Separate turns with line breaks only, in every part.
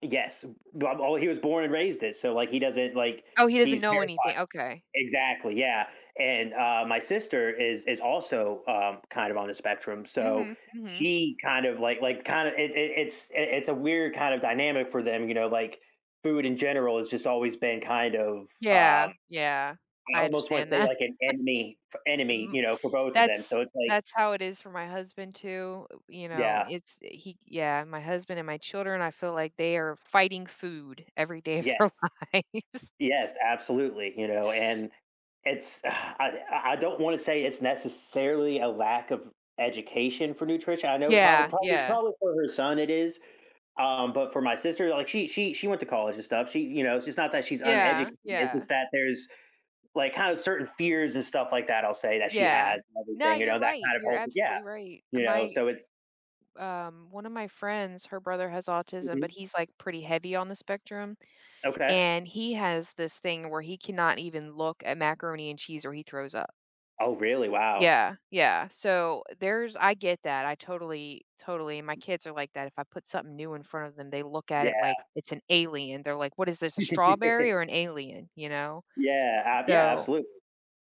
Yes, w well, he was born and raised it, so like he doesn't, like
Oh, he doesn't
he's
know
terrified.
anything, okay.
Exactly, yeah, and, uh, my sister is is also um kind of on the spectrum, so
Mhm, mhm.
she kind of, like like, kind of it it it's i it's a weird kind of dynamic for them, you know, like, food in general has just always been kind of,
Yeah,
um,
yeah.
I
I
almost wanna
understand
say
that.
like an enemy, f enemy,
M
you know, for both of them,
that's
so it's like
that's how it is for my husband too, you know,
Yeah.
it's he yeah, my husband and my children, I feel like they are fighting food every day of their
Yes,
lives.
yes, absolutely, you know, and it's, ugh I I I don't wanna say it's necessarily a lack of education for nutrition. I know proba
Yeah,
probably
yeah.
probably, for her son it is, um, but for my sister, like she she she went to college and stuff. She you know, it's not that she's
Yeah,
uneducated, it's
yeah.
just that there's, like, kinda certain fears and stuff like that, I'll say that she
Yeah.
has and
No,
everything, you
you're
know, that
right.
kind of
You're
whole yeah,
absolutely right.
you know,
My
so it's
um, one of my friends, her brother has autism,
Mhm.
but he's, like, pretty heavy on the spectrum.
Okay.
And he has this thing where he cannot even look at macaroni and cheese or he throws up.
Oh really? Wow.
Yeah, yeah. So there's I get that. I totally totally, and my kids are like that. If I put something new in front of them, they look at it like
Yeah.
it's an alien. They're like, "What is this, a strawberry or an alien?" You know?
Yeah, a yeah,
So,
absolutely.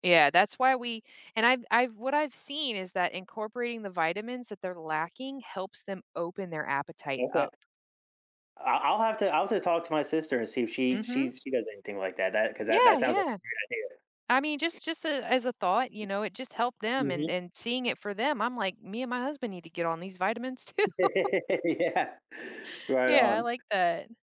yeah, that's why we and I've I've what I've seen is that incorporating the vitamins that they're lacking helps them open their appetite
Okay.
up.
I I'll have to I'll have to talk to my sister and see if she
Mhm.
she she does anything like that, that 'cause that
Yeah,
that sounds like
yeah.
a great
I mean,
idea.
just just, uh, as a thought, you know, it just helped them and
Mhm.
and seeing it for them. I'm like, "Me and my husband need to get on these vitamins too."
Yeah, right
Yeah, I
on.
like that.